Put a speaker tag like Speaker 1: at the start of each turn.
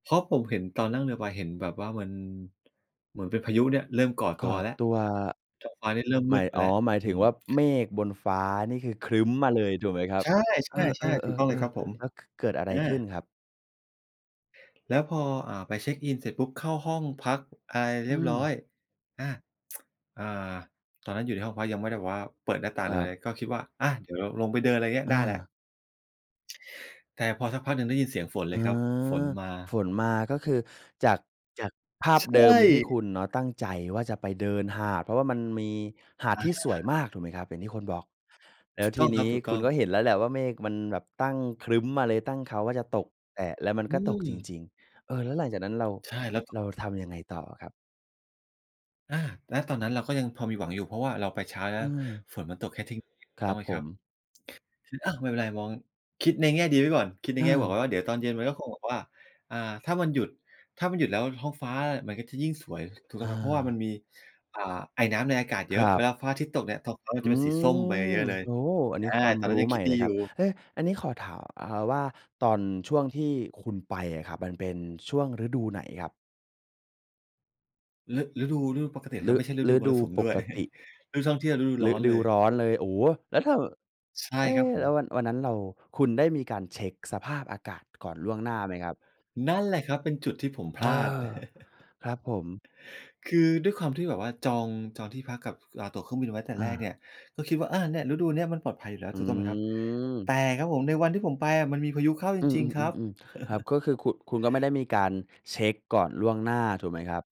Speaker 1: เพราะผมเห็น ตอนนั่งเรือใบเห็น แบบว่ามัน เหมือนเป็นพายุเนี่ย เริ่มก่อ
Speaker 2: ก
Speaker 1: ตั
Speaker 2: ่อ
Speaker 1: วแล้ว
Speaker 2: ตัว อ
Speaker 1: ท้องฟ้านี่เริ่ม
Speaker 2: ห
Speaker 1: ม
Speaker 2: ม
Speaker 1: ื
Speaker 2: า
Speaker 1: ด
Speaker 2: ย
Speaker 1: ไป
Speaker 2: อ๋
Speaker 1: แล
Speaker 2: อ
Speaker 1: ้ว
Speaker 2: หมาย
Speaker 1: อื
Speaker 2: ถึง
Speaker 1: ม
Speaker 2: ว่าเมฆบนฟ้านี่คือครึ้มมาเลยถูกไหมครั
Speaker 1: ใ
Speaker 2: บ
Speaker 1: ช่
Speaker 2: เออ
Speaker 1: ใช่ ๆ ถูกต้องเลยครั
Speaker 2: ๆ
Speaker 1: บผ
Speaker 2: ๆ
Speaker 1: ม
Speaker 2: ๆ แล้ว ก เกิดอะไ
Speaker 1: อ
Speaker 2: รข
Speaker 1: า
Speaker 2: ึ้นครับ?
Speaker 1: แล้วพอ อ่า ไปเช็กอิน เสร็จปุ๊บ เข้าห้องพักอะไร
Speaker 2: อ
Speaker 1: เร
Speaker 2: ื
Speaker 1: ียบร้อย
Speaker 2: ม
Speaker 1: อา อ่า ตอนนั้นอยู่ในห้องพัก ยังไม่ได้แบบว่าเปิดหน้าต่าง
Speaker 2: ค
Speaker 1: หรื
Speaker 2: ร
Speaker 1: อ
Speaker 2: ั
Speaker 1: อะไ
Speaker 2: บ
Speaker 1: ร ก็คิดว่า อา เดี๋ยวลงไปเดิน อะไรอย่างเงี้ย
Speaker 2: อ
Speaker 1: ได้แล้ว
Speaker 2: า
Speaker 1: แต่พอสักพักหนึ่งได้ยินเสียงฝนเ
Speaker 2: เ
Speaker 1: ล
Speaker 2: ออ
Speaker 1: ยครับ ฝนมา
Speaker 2: ฝนมา ก็คือจาก จากภา
Speaker 1: ใ
Speaker 2: พ
Speaker 1: ช
Speaker 2: เดิมที่ค
Speaker 1: ่
Speaker 2: ุณเนาะ ตั้งใจว่าจะไปเดินหาด เพราะว่ามันมีหาด
Speaker 1: อ
Speaker 2: ที่สวย
Speaker 1: า
Speaker 2: มาก ถูกไหมครับ อย่างที่คนบอก แล
Speaker 1: ถ
Speaker 2: ้
Speaker 1: ู
Speaker 2: ว
Speaker 1: ก
Speaker 2: ท
Speaker 1: ต้
Speaker 2: ี
Speaker 1: อง
Speaker 2: น
Speaker 1: ครั
Speaker 2: ี
Speaker 1: บ
Speaker 2: ้
Speaker 1: ถูกต
Speaker 2: ค
Speaker 1: ้
Speaker 2: ุ
Speaker 1: อ
Speaker 2: ณ
Speaker 1: ง
Speaker 2: ก็เห็นแล้วแหละว่าเมฆมันแบบตั้งครึ้มมาเลย ตั้งเค้าว่าจะตก แต่ แล้วมัน
Speaker 1: อื
Speaker 2: ก็ตกจ
Speaker 1: ม
Speaker 2: ริง ๆ เออ แล้วหลังจากนั้นเรา
Speaker 1: ใช่ แล้วต
Speaker 2: เ
Speaker 1: ก
Speaker 2: รา
Speaker 1: จริ
Speaker 2: ท
Speaker 1: ง
Speaker 2: ำยังไงต่อครับ?
Speaker 1: อา ณ ตอนนั้นเราก็ยังพอมีหวังอยู่ เพราะว่าเราไปเช้าใช่
Speaker 2: อื
Speaker 1: เปล่า
Speaker 2: ม
Speaker 1: ฝนมันตกแค่เที่ยง ๆ ถู
Speaker 2: ค
Speaker 1: ก
Speaker 2: ร
Speaker 1: ต
Speaker 2: ั
Speaker 1: ้อ
Speaker 2: บ
Speaker 1: งไหม
Speaker 2: ผ
Speaker 1: ครั
Speaker 2: ม
Speaker 1: บ คือ อ้าว! ไม่เป็นไร มอง คิดในแง่ดีไว้ก่อน คิดในแง่บวก
Speaker 2: เออ
Speaker 1: ไว้ว่าเดี๋ยวตอนเย็นมันก็คงแบบว่า อ่า ถ้ามันหยุด ถ้ามันหยุดแล้วท้องฟ้ามันก็จะยิ่งสวย ถูกต
Speaker 2: เ
Speaker 1: ้องไหม เพราะว่ามัน
Speaker 2: ออ
Speaker 1: มี อ่า ไอน้ำในอากาศเย
Speaker 2: ค
Speaker 1: อ
Speaker 2: ร
Speaker 1: ะ
Speaker 2: ั
Speaker 1: เว
Speaker 2: บ
Speaker 1: ลาฟ้าอาทิตย์ตกเนี่ย ท้องฟ้ามัน
Speaker 2: อ
Speaker 1: จ
Speaker 2: ื
Speaker 1: ะเป็นสีส้มไป
Speaker 2: ม
Speaker 1: เยอะ ๆ เลย
Speaker 2: โอ้! อัน
Speaker 1: อ
Speaker 2: น
Speaker 1: ่
Speaker 2: ี
Speaker 1: า
Speaker 2: ้ความ
Speaker 1: ตอนน
Speaker 2: ร
Speaker 1: ั้น
Speaker 2: ู้
Speaker 1: ยัง
Speaker 2: ให
Speaker 1: ค
Speaker 2: ม
Speaker 1: ิ
Speaker 2: ่
Speaker 1: ดด
Speaker 2: เ
Speaker 1: ี
Speaker 2: ลย
Speaker 1: อ
Speaker 2: คร
Speaker 1: ยู
Speaker 2: ับ
Speaker 1: ่
Speaker 2: เฮ่ย อันนี้ขอถาม อา ว่า ตอนช่วงที่คุณไปอะครับ มันเป็นช่วงฤดูไหนครับ?
Speaker 1: ฤ ฤดู ฤดูปกติแหละครั
Speaker 2: ฤ
Speaker 1: บ ไม่ใช่ฤด
Speaker 2: ฤ
Speaker 1: ูม
Speaker 2: ด
Speaker 1: ร
Speaker 2: ู
Speaker 1: สุม
Speaker 2: ป
Speaker 1: ด้ว
Speaker 2: ก
Speaker 1: ย
Speaker 2: ติ
Speaker 1: ฤดูท่องเที่ยว ฤดูร้
Speaker 2: ฤ
Speaker 1: อน
Speaker 2: ด
Speaker 1: เล
Speaker 2: ู
Speaker 1: ย
Speaker 2: ร้อนเลย โอ้! แล้วถ้าแบบ
Speaker 1: ใช่
Speaker 2: เอ๊
Speaker 1: ครับผ
Speaker 2: แล้ว
Speaker 1: ม
Speaker 2: วัน วันนั้นเรา คุณได้มีการเช็กสภาพอากาศก่อนล่วงหน้าไหมครับ?
Speaker 1: นั่นแหละครับ เป็นจุดที่ผม พ
Speaker 2: เอ
Speaker 1: ล
Speaker 2: อ
Speaker 1: าด
Speaker 2: ครับผม
Speaker 1: คือด้วยความที่แบบว่าจอง จองที่พักกับ ค อ่า ตั๋วเครื่องบินไว้แต่
Speaker 2: อ
Speaker 1: แรก
Speaker 2: า
Speaker 1: เนี่ย ก็คิดว่า "อา เนี่ย ฤดูเนี้ยมันปลอดภัยอยู่แล้ว"
Speaker 2: อ
Speaker 1: ถูกต้องไหมครับ แต
Speaker 2: ืม
Speaker 1: ่ครับผม ในวันที่ผมไปอะมันมีพายุเข้าจ
Speaker 2: อื
Speaker 1: ริง ๆ ครับ
Speaker 2: ม ๆ ๆ ๆ ครับ ก็คือคุณ คุณก็ไม่ได้มีการเช็กก่อนล่วงหน้า ถูกไหมครับ?